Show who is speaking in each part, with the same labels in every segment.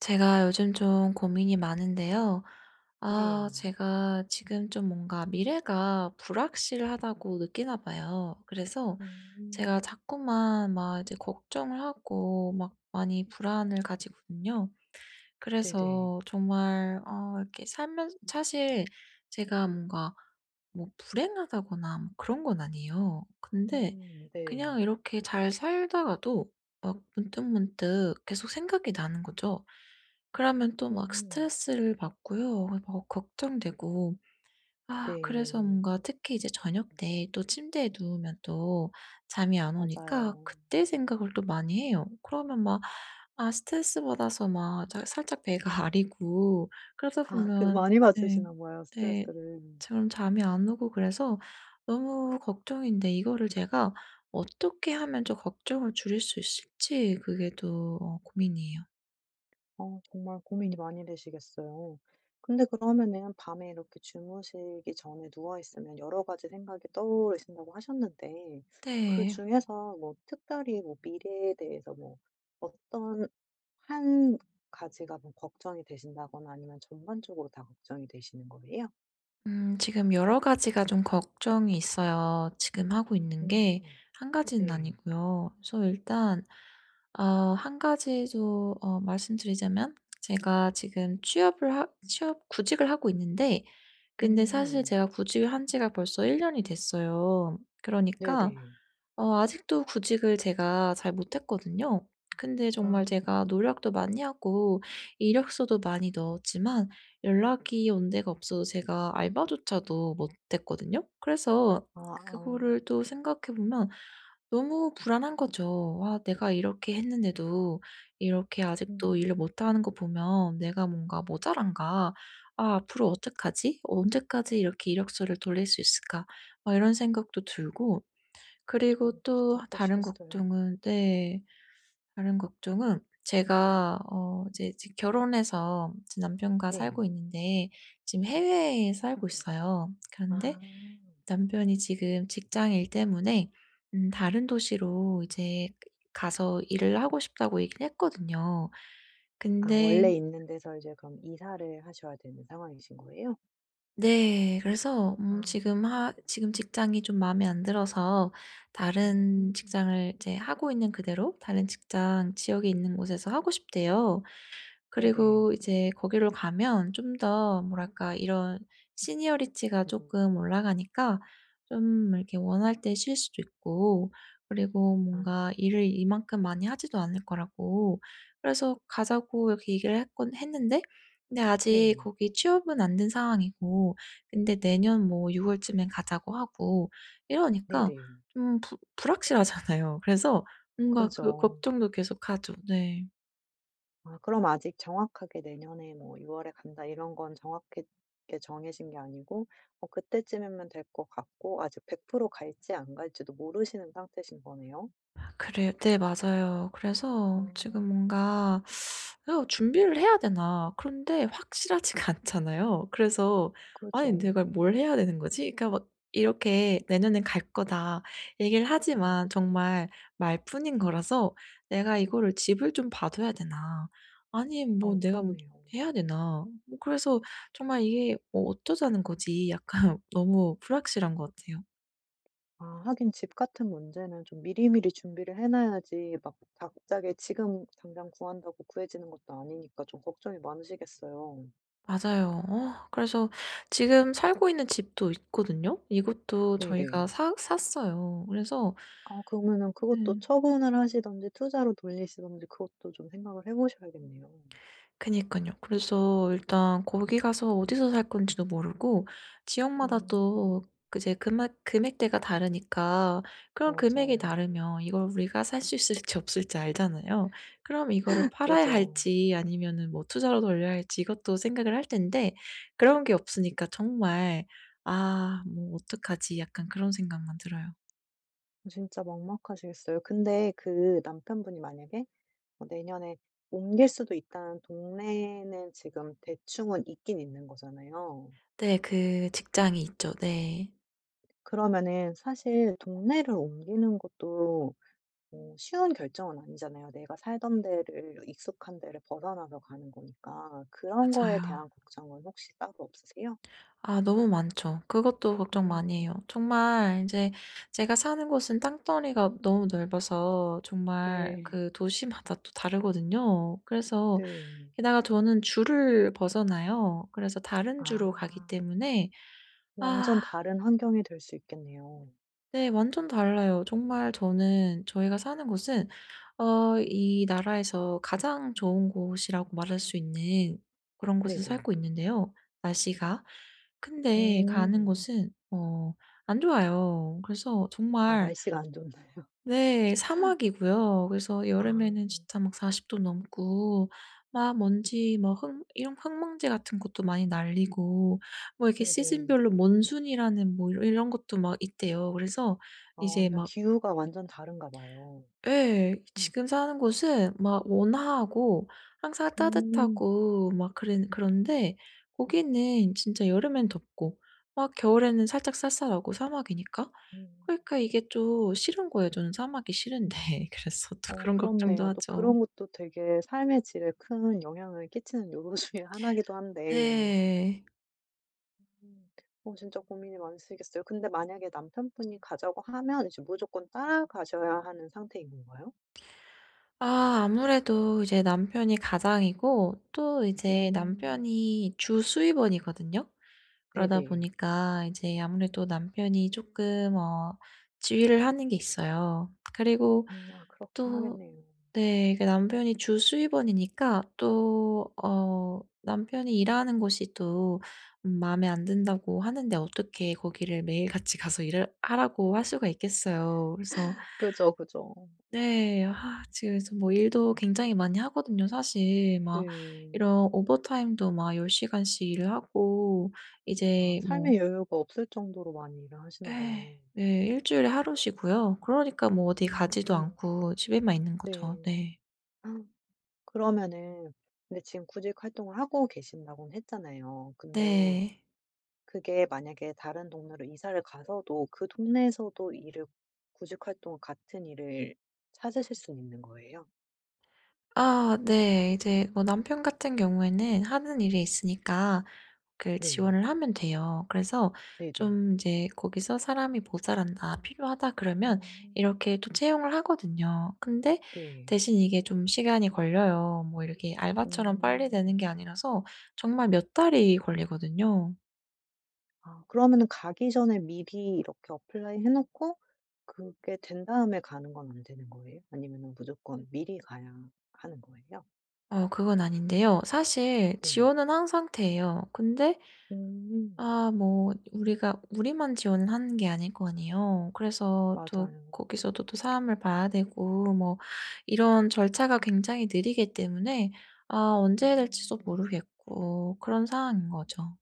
Speaker 1: 제가 요즘 좀 고민이 많은데요. 아
Speaker 2: 네.
Speaker 1: 제가 지금 좀 뭔가 '미래가 불확실하다.'고 느끼나 봐요. 그래서 제가
Speaker 2: 음.
Speaker 1: 자꾸만 막 이제 걱정을 하고 막 많이 불안을 가지거든요.
Speaker 2: 네네.
Speaker 1: 그래서 정말 어 이렇게 살면 사실 제가 뭔가 뭐 불행하다거나 뭐 그런 건 아니에요. 근데
Speaker 2: 음 네.
Speaker 1: 그냥 이렇게 잘 살다가도 막 문득문득 계속 생각이 나는 거죠. 그러면 또 막
Speaker 2: 음.
Speaker 1: 스트레스를 받고요. 막 벅 걱정되고 아 그래서
Speaker 2: 네.
Speaker 1: 뭔가 특히 이제 저녁때 또 침대에 누우면 또 잠이 안 오니까
Speaker 2: 맞아요.
Speaker 1: 그때 생각을 또 많이 해요. 그러면 막 아 스트레스 받아서 막 잘 살짝 배가 아리고 그러다
Speaker 2: 아 그
Speaker 1: 보면
Speaker 2: 많이
Speaker 1: 네.
Speaker 2: 받으시나 봐요
Speaker 1: 네.
Speaker 2: 스트레스를.
Speaker 1: 저는 잠이 안 오고 그래서 너무 걱정인데 이거를 제가 어떻게 하면 좀 걱정을 줄일 수 있을지 그게 또 어 고민이에요.
Speaker 2: 어 정말 고민이 많이 되시겠어요. 근데 그러면은 밤에 이렇게 주무시기 전에 누워 있으면 여러 가지 생각이 떠오르신다고 하셨는데 그
Speaker 1: 네.
Speaker 2: 중에서 뭐 특별히 뭐 미래에 대해서 뭐 어떤 1 가지가 뭐 걱정이 되신다거나 아니면 전반적으로 다 걱정이 되시는 거예요?
Speaker 1: 음 지금 여러 가지가 좀 걱정이 있어요. 지금 하고 있는 게
Speaker 2: 음
Speaker 1: 1 가지는
Speaker 2: 네.
Speaker 1: 아니고요. 우선 일단 어 1 가지도 어 말씀드리자면 제가 지금 취업을 하 취업 구직을 하고 있는데 근데 사실
Speaker 2: 음.
Speaker 1: 제가 구직을 한 지가 벌써 1 년이 됐어요. 그러니까
Speaker 2: 네네.
Speaker 1: 어 아직도 구직을 제가 잘 못 했거든요. 근데 정말
Speaker 2: 아.
Speaker 1: 제가 노력도 많이 하고 이력서도 많이 넣었지만 연락이 온 데가 없어서 제가 알바조차도 못 했거든요. 그래서
Speaker 2: 아아.
Speaker 1: 그거를 또 생각해 보면 너무 불안한 거죠. 아 내가 이렇게 했는데도 이렇게 아직도 일을
Speaker 2: 음.
Speaker 1: 못 하는 거 보면 '내가 뭔가 모자란가. 아 앞으로 어떡하지? 어 언제까지 이렇게 이력서를 돌릴 수 있을까.' 막 이런 생각도 들고 그리고
Speaker 2: 어 진짜
Speaker 1: 또 다른
Speaker 2: 그러시겠어요.
Speaker 1: 걱정은 네. 다른 걱정은 제가 어 이제 직 결혼해서 이제 남편과 살고
Speaker 2: 네.
Speaker 1: 있는데 지금 해외에 살고 있어요. 그런데
Speaker 2: 아.
Speaker 1: 남편이 지금 직장 일 때문에 음 다른 도시로 이제 가서 일을 하고 싶다고 얘기를 했거든요.
Speaker 2: 아 원래
Speaker 1: 근데
Speaker 2: 있는 데서 이제 그럼 이사를 하셔야 되는 상황이신 거예요?
Speaker 1: 네. 그래서 음
Speaker 2: 아.
Speaker 1: 지금 하 지금 직장이 좀 마음에 안 들어서 다른
Speaker 2: 음.
Speaker 1: 직장을 이제 하고 있는 그대로 다른 직장 지역에 있는 곳에서 하고 싶대요.
Speaker 2: 네네.
Speaker 1: 그리고 이제 거기로 가면 좀 더 뭐랄까 이런 Seniority가 쪼끔 올라가니까 좀 이렇게 원할 때 쉴 수도 있고 그리고 뭔가
Speaker 2: 아.
Speaker 1: 일을 이만큼 많이 하지도 않을 거라고 그래서 가자고 이렇게 얘기를 했곤 했는데 근데 아직
Speaker 2: 네.
Speaker 1: 거기 취업은 안 된 상황이고 근데 내년 뭐 6 월쯤에 가자고 하고 이러니까
Speaker 2: 네네.
Speaker 1: 좀 부 불확실하잖아요. 그래서 뭔가 그
Speaker 2: 그죠.
Speaker 1: 걱정도 계속 하죠. 네.
Speaker 2: 아 그럼 아직 정확하게 내년에 뭐 '6 월에 간다.' 이런 건 정확하게 정해진 게 아니고 뭐 그때쯤이면 될 것 같고 아직 100% 갈지 안 갈지도 모르시는 상태이신 거네요?
Speaker 1: 아 그래 네 맞아요. 그래서 지금
Speaker 2: 어.
Speaker 1: 뭔가 '이거 준비를 해야 되나.' 그런데 확실하지가 않잖아요. 그래서 아니
Speaker 2: 그죠.
Speaker 1: '내가 뭘 해야 되는 거지?' 그러니까 막 이렇게 "내년에는 갈 거다." 얘기를
Speaker 2: 어.
Speaker 1: 하지만 정말 말뿐인 거라서 '내가 이거를 집을 좀 봐 둬야 되나?' 아니면 '뭐
Speaker 2: 어
Speaker 1: 내가
Speaker 2: 그렇네요.
Speaker 1: 해야 되나?' 뭐 그래서 정말 이게 '뭐 어쩌자는 거지?' 약간 너무 불확실한 것 같아요.
Speaker 2: 아 하긴 집 같은 문제는 좀 미리미리 준비를 해 놔야지 막 갑자기 지금 당장 구한다고 구해지는 것도 아니니까 좀 걱정이 많으시겠어요.
Speaker 1: 맞아요. 어 그래서 지금 살고 있는 집도 있거든요. 이것도 저희가
Speaker 2: 네네.
Speaker 1: 사 샀어요. 그래서
Speaker 2: 아 그러면은 그것도
Speaker 1: 음.
Speaker 2: 처분을 하시든지 투자로 돌리시든지 그것도 좀 생각을 해 보셔야겠네요.
Speaker 1: 그니깐요. 그래서 일단 거기 가서 어디서 살 건지도 모르고 지역마다
Speaker 2: 음.
Speaker 1: 또 그 이제 금액 금액대가 다르니까 그럼 금액이
Speaker 2: 맞아요.
Speaker 1: 다르면 이걸 우리가 살 수 있을지 없을지 알잖아요. 그럼 이거를 팔아야
Speaker 2: 그죠.
Speaker 1: 할지 아니면은 뭐 투자로 돌려야 할지 이것도 생각을 할 텐데 그런 게 없으니까 정말 '아 뭐 어떡하지?' 약간 그런 생각만 들어요.
Speaker 2: 진짜 막막하시겠어요. 근데 그 남편분이 만약에 어 내년에 옮길 수도 있다는 동네는 지금 대충은 있기는 있는 거잖아요.
Speaker 1: 네. 그 직장이 있죠. 네.
Speaker 2: 그러면은 사실 동네를 옮기는 것도 어 쉬운 결정은 아니잖아요. 내가 살던 데를 익숙한 데를 벗어나서 가는 거니까 그런 거에
Speaker 1: 맞아요.
Speaker 2: 대한 걱정은 혹시 따로 없으세요?
Speaker 1: 아 너무 많죠. 그것도 걱정 많이 해요.
Speaker 2: 음.
Speaker 1: 정말 인제 제가 사는 곳은 땅덩어리가 너무 넓어서 정말
Speaker 2: 네.
Speaker 1: 그 도시마다 또 다르거든요. 그래서
Speaker 2: 네.
Speaker 1: 게다가 저는 주를 벗어나요. 그래서 다른 주로 가기
Speaker 2: 아.
Speaker 1: 때문에
Speaker 2: 완전
Speaker 1: 아.
Speaker 2: 다른 환경이 될 수 있겠네요.
Speaker 1: 네. 완전 달라요. 정말 저는 저희가 사는 곳은 어 이 나라에서 가장 좋은 곳이라고 말할 수 있는 그런 곳에서
Speaker 2: 네네.
Speaker 1: 살고 있는데요 날씨가. 근데 가는
Speaker 2: 음.
Speaker 1: 곳은 어 안 좋아요. 그래서
Speaker 2: 아
Speaker 1: 정말
Speaker 2: 날씨가 안 좋나요.
Speaker 1: 네. 사막이고요. 그래서 여름에는
Speaker 2: 아.
Speaker 1: 진짜 막 40 도 넘고 막 먼지 막 흙 이런 흙먼지 같은 것도 많이 날리고 뭐 이렇게
Speaker 2: 네네.
Speaker 1: 시즌별로 몬순이라는 뭐 이 이런 것도 막 있대요. 그래서
Speaker 2: 아
Speaker 1: 이제
Speaker 2: 완전
Speaker 1: 막
Speaker 2: 기후가 완전 다른가 봐요.
Speaker 1: 예. 지금 사는 곳은 막 온화하고 항상
Speaker 2: 음.
Speaker 1: 따뜻하고 막 그래 그런데 거기는 진짜 여름에는 덥고 막 겨울에는 살짝 쌀쌀하고 사막이니까.
Speaker 2: 음.
Speaker 1: 그러니까 이게 좀 싫은 거예요. 저는 사막이 싫은데 그래서 또
Speaker 2: 어
Speaker 1: 그런 걱정도
Speaker 2: 그렇네요. 또
Speaker 1: 하죠.
Speaker 2: 그런 것도 되게 삶의 질에 큰 영향을 끼치는 요소 중의 1 이기도 한데
Speaker 1: 네.
Speaker 2: 음. 어 진짜 고민이 많으시겠어요. 근데 만약에 남편분이 가자고 하면 이제 무조건 따라가셔야 하는 상태인 건가요?
Speaker 1: 아. 아무래도 이제 남편이 가장이고 또 이제
Speaker 2: 음.
Speaker 1: 남편이 주 수입원이거든요. 그러다
Speaker 2: 네네.
Speaker 1: 보니까 이제 아무래도 남편이 쪼끔 어 지휘를 하는 게 있어요. 그리고
Speaker 2: 음. 아 그렇긴
Speaker 1: 또
Speaker 2: 하겠네요.
Speaker 1: 네 남편이 주 수입원이니까 또 어 남편이 "일하는 곳이 또 음 마음에 안 든다."고 하는데 어떻게 거기를 매일 같이 가서 일을 하라고 할 수가 있겠어요. 그래서
Speaker 2: 그죠 그죠.
Speaker 1: 네 아 지금 그래서 뭐 일도 굉장히 많이 하거든요. 사실 막
Speaker 2: 네.
Speaker 1: 이런 오버타임도 막 10 시간씩 일을 하고
Speaker 2: 아
Speaker 1: 이제 뭐
Speaker 2: 삶의 여유가 없을 정도로 많이 일을 하시나
Speaker 1: 예.
Speaker 2: 봐요.
Speaker 1: 네 1 주일에 하루 쉬고요. 그러니까 뭐 어디
Speaker 2: 음.
Speaker 1: 가지도
Speaker 2: 어머.
Speaker 1: 않고 집에만 있는 거죠
Speaker 2: 네.
Speaker 1: 네.
Speaker 2: 그러면은 근데 지금 구직 활동을 하고 계신다고는 했잖아요. 근데
Speaker 1: 네.
Speaker 2: 그게 만약에 다른 동네로 이사를 가서도 그 동네에서도 일을 구직 활동 같은 일을 찾으실 수는 있는 거예요?
Speaker 1: 아 네. 이제 뭐 남편 같은 경우에는 하는 일이 있으니까 그
Speaker 2: 네.
Speaker 1: 지원을 하면 돼요. 그래서
Speaker 2: 네네.
Speaker 1: 좀 이제 거기서 '사람이 모자란다. 필요하다.' 그러면
Speaker 2: 음.
Speaker 1: 이렇게 또 채용을 하거든요. 근데
Speaker 2: 네.
Speaker 1: 대신 이게 좀 시간이 걸려요. 뭐 이렇게 알바처럼 빨리
Speaker 2: 오.
Speaker 1: 되는 게 아니라서 정말 몇 달이 걸리거든요.
Speaker 2: 아 그러면은 가기 전에 미리 이렇게 어플라이 해 놓고 그게 된 다음에 가는 건 안 되는 거예요? 아니면은 무조건 미리 가야 하는 거예요?
Speaker 1: 어 그건 아닌데요 사실
Speaker 2: 네.
Speaker 1: 지원은 한 상태예요. 근데
Speaker 2: 어.
Speaker 1: 아 뭐 우리가 우리만 지원하는 게 아닐 거 아니에요. 그래서 또
Speaker 2: 맞아요.
Speaker 1: 거기서도 또 사람을 봐야 되고 뭐 이런 절차가 굉장히 느리기 때문에 아 언제 해야 될지도
Speaker 2: 음.
Speaker 1: 모르겠고 그런 상황인거죠.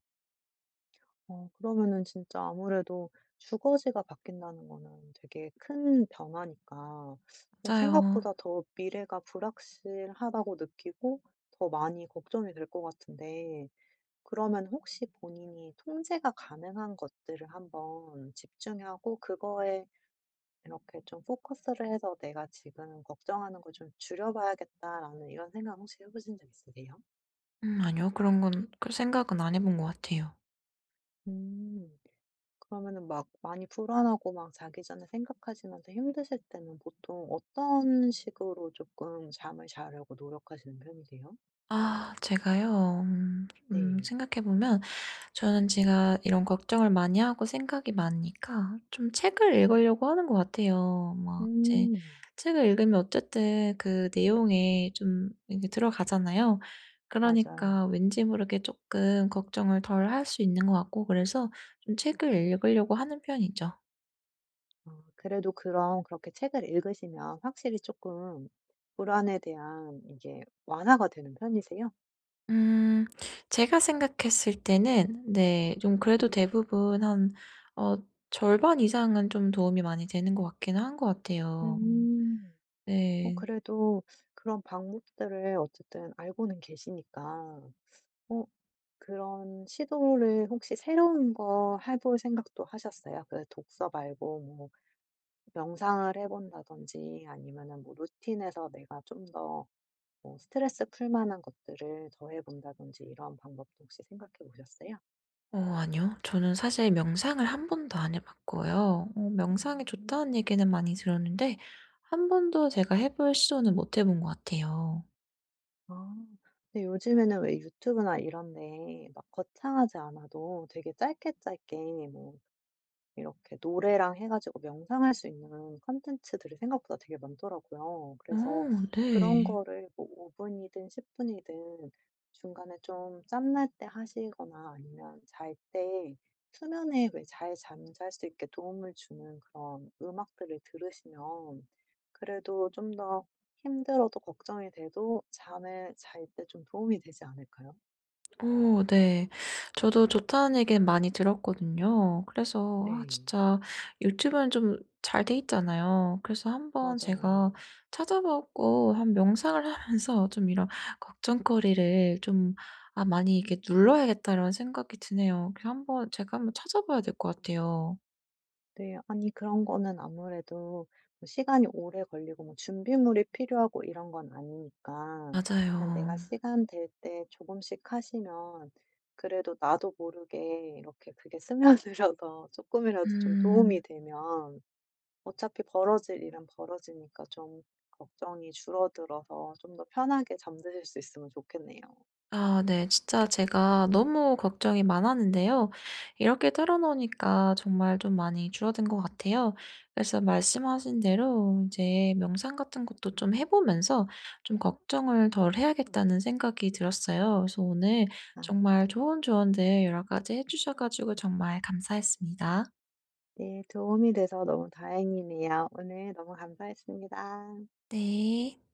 Speaker 2: 어 그러면은 진짜 아무래도 주거지가 바뀐다는 거는 되게 큰 변화니까 뭐
Speaker 1: 맞아요.
Speaker 2: 생각보다 더 미래가 불확실하다고 느끼고 더 많이 걱정이 될 것 같은데 그러면 혹시 '본인이 통제가 가능한 것들을 한번 집중하고 그거에 이렇게 좀 포커스 를 해서 내가 지금 걱정하는 거 좀 줄여봐야겠다.'라는 이런 생각 혹시 해 보신 적 있으세요?
Speaker 1: 음 아니요. 그런 건 그 생각은 안 해 본 것 같아요.
Speaker 2: 음. 그러면은 막 많이 불안하고 막 자기 전에 생각하시면서 힘드실 때는 보통 어떤 식으로 쪼끔 잠을 자려고 노력하시는 편이세요?
Speaker 1: 아 제가요. 음. 음
Speaker 2: 네.
Speaker 1: 생각해 보면 저는 제가 이런 걱정을 많이 하고 생각이 많으니까 좀 책을 읽으려고 하는 것 같아요. 막 이제
Speaker 2: 음.
Speaker 1: 책을 읽으면 어쨌든 그 내용에 좀 인제 들어가잖아요.
Speaker 2: 맞아요.
Speaker 1: 그러니까 왠지 모르게 쪼끔 걱정을 덜 할 수 있는 것 같고 그래서 좀 책을 읽으려고 하는 편이죠.
Speaker 2: 아 그래도 그럼 그렇게 책을 읽으시면 확실히 쪼끔 불안에 대한 이게 완화가 되는 편이세요?
Speaker 1: 음. 제가 생각했을 때는 네 좀 그래도 대부분 한 어 절반 이상은 좀 도움이 많이 되는 것 같긴 한 것 같아요. 음.
Speaker 2: 음. 어
Speaker 1: 네.
Speaker 2: 그래도 그런 방법들을 어쨌든 알고는 계시니까 어 그런 시도를 혹시 새로운 거 해 볼 생각도 하셨어요? 그 독서 말고 뭐 명상을 해 본다든지 아니면은 뭐 루틴에서 내가 좀 더 뭐 스트레스를 풀 만한 것들을 더 해 본다든지 이런 방법도 혹시 생각해 보셨어요?
Speaker 1: 어 아니요. 저는 사실 명상을 한번도 안 해 봤고요 어 명상이 좋다는
Speaker 2: 오.
Speaker 1: 얘기는 많이 들었는데 한번도 제가 해 볼 시도는 못 해 본 거 같아요.
Speaker 2: 아 근데 요즘에는 왜 유튜브나 이런 데에 막 거창하지 않아도 되게 짧게 짧게 뭐 이렇게 노래랑 해 가지고 명상할 수 있는 컨텐츠들이 생각보다 되게 많더라고요.
Speaker 1: 어
Speaker 2: 그래서 그런
Speaker 1: 네.
Speaker 2: 거를 뭐 5 분이든 10 분이든 중간에 좀 짬 날 때 하시거나 아니면 잘 때 수면에 왜 잘 잠잘 수 있게 도움을 주는 그런 음악들을 들으시면 그래도 좀 더 힘들어도 걱정이 돼도 잠을 잘 때 좀 도움이 되지 않을까요?
Speaker 1: 오 네. 저도 좋다는 얘기는 많이 들었거든요. 그래서 아
Speaker 2: 네.
Speaker 1: 진짜 유튜브는 좀 잘 돼 있잖아요. 그래서 한번 제가
Speaker 2: 맞아요.
Speaker 1: 찾아 보고 한 명상을 하 해서 좀 이런 '걱정거리를 좀 아 많이 이렇게 눌러야겠다.'라는 생각이 드네요. 그래서 한번 제가 한번 찾아 봐야 될 것 같아요.
Speaker 2: 네. 아니 그런 거는 아무래도 시간이 오래 걸리고 뭐 준비물이 필요하고 이런 건 아니니까 그냥 내가
Speaker 1: 맞아요.
Speaker 2: 시간 될 때 조금씩 하시면 그래도 나도 모르게 이렇게 그게 스며들어서 쪼끔이라도 좀 도움이
Speaker 1: 음.
Speaker 2: 되면 어차피 벌어질 일은 벌어지니까 좀 걱정이 줄어들어서 좀 더 편하게 잠드실 수 있으면 좋겠네요.
Speaker 1: 아 네. 진짜 제가 너무 걱정이 많았는데요 이렇게 털어 놓으니까 정말 좀 많이 줄어든 것 같아요. 그래서 말씀하신 대로 이제 명상 같은 것도 좀 해 보면서 좀 걱정을 덜해야겠다는 생각이 들었어요. 그래서 오늘
Speaker 2: 아.
Speaker 1: 정말 좋은 조언들 여러 가지 해 주셔 가지고 정말 감사했습니다.
Speaker 2: 네. 도움이 돼서 너무 다행이네요. 오늘 너무 감사했습니다.
Speaker 1: 네.